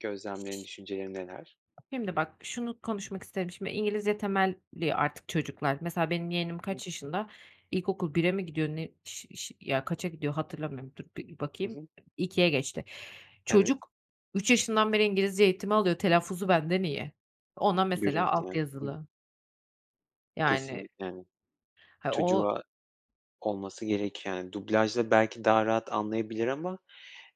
Gözlemlerin düşüncelerin neler? Şimdi bak, şunu konuşmak isterim şimdi. İngilizce temelli artık çocuklar, mesela benim yeğenim Hı. kaç yaşında? İlkokul 1'e mi gidiyor ne? Ş ş ya kaça gidiyor hatırlamıyorum. Dur bir Hı bakayım. hı. 2'e geçti. Evet. Çocuk, 3 yaşından beri İngilizce eğitimi alıyor, telaffuzu benden iyi. Ona mesela Görüyorsun, alt yani. Hı hı. yazılı Yani. Kesinlikle, yani. Ha, o Çocuğa olması gereken dublajda belki daha rahat anlayabilir ama,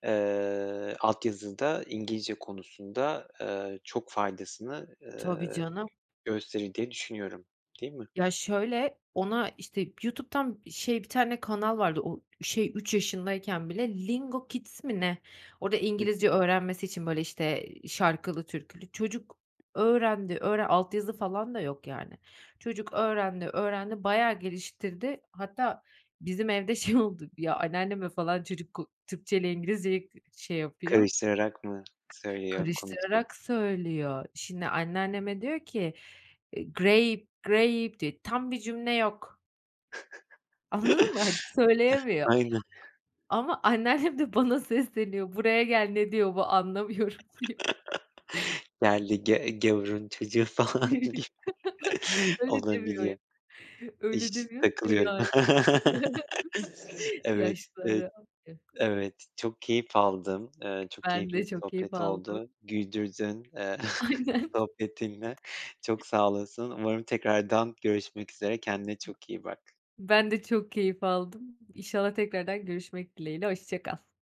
eee, altyazıda İngilizce konusunda, eee, çok faydasını, Tabii eee, canım. gösterir diye düşünüyorum, değil mi? Ya şöyle, ona işte, YouTube'dan şey, 1 tane kanal vardı, o şey, 3 yaşındayken bile, Lingo Kids mi ne, orada Hı hı. İngilizce öğrenmesi için böyle, işte, şarkılı, türkülü, çocuk öğrendi, öğren altyazı falan da yok yani. Çocuk öğrendi, öğrendi, bayağı geliştirdi. Hatta bizim evde şey oldu, ya anneanneme falan çocuk k Türkçeyle İngilizceyi k şey yapıyor, Karıştırarak mı söylüyor konuşuyor? Karıştırarak söylüyor. Şimdi anneanneme diyor ki, eee, great, grape diye tam bir cümle yok. Anladın mı? Hani söyleyemiyor. Aynen. A ama anneannem de bana sesleniyor, buraya gel ne diyor bu anlamıyorum diyor. Geldi ge gavurun çocuğu falan gibi Öyle demiyor yok, olabililiyor. öyle İş demiyor. takılıyorum. [unintelligible] Evet, eee, Yaşlılara.. [unintelligible] evet çok keyif aldım, eee, çok Ben keyifli de bir çok keyif sohbet aldım. oldu güldürdün, eee, Aynen. sohbetinle çok sağ olasın. Umarım tekrardan görüşmek üzere, kendine çok iyi bak. Ben de çok keyif aldım. İnşallah tekrardan görüşmek dileğiyle, hoşça kal.